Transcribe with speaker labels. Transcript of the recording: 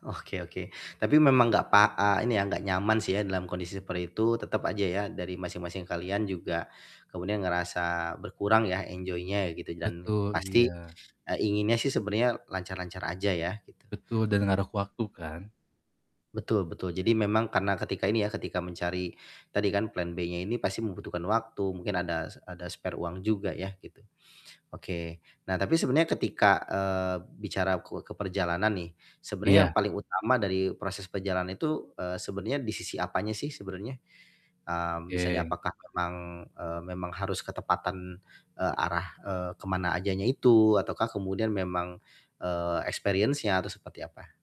Speaker 1: Oke oke. Tapi memang gak pak eee, ini ya, gak nyaman sih ya dalam kondisi seperti itu tetep aja ya dari masing-masing kalian juga kemudian ngerasa berkurang ya enjoy-nya gitu dan
Speaker 2: Betul,
Speaker 1: pasti,
Speaker 2: iya.
Speaker 1: eee, inginnya sih sebenarnya lancar-lancar aja ya gitu.
Speaker 2: Betul dan ngaruh ke waktu kan.
Speaker 1: Betul betul, jadi memang karena ketika ini ya, ketika mencari tadi kan plan B-nya ini pasti membutuhkan waktu, mungkin ada se ada spare uang juga ya gitu, oke. Nah tapi sebenarnya ketika, eee, bicara ke ke perjalanan nih, sebenarnya yang
Speaker 2: Iya.
Speaker 1: paling utama dari proses perjalanan itu, eee, sebenarnya di sisi apanya sih sebenarnya? Mmm, misalnya
Speaker 2: Oke.
Speaker 1: apakah memang, eee, memang harus ketepatan, eee, arah, eee, ke mana ajanya itu, ataukah kemudian memang, eee, experience-nya atau seperti apa?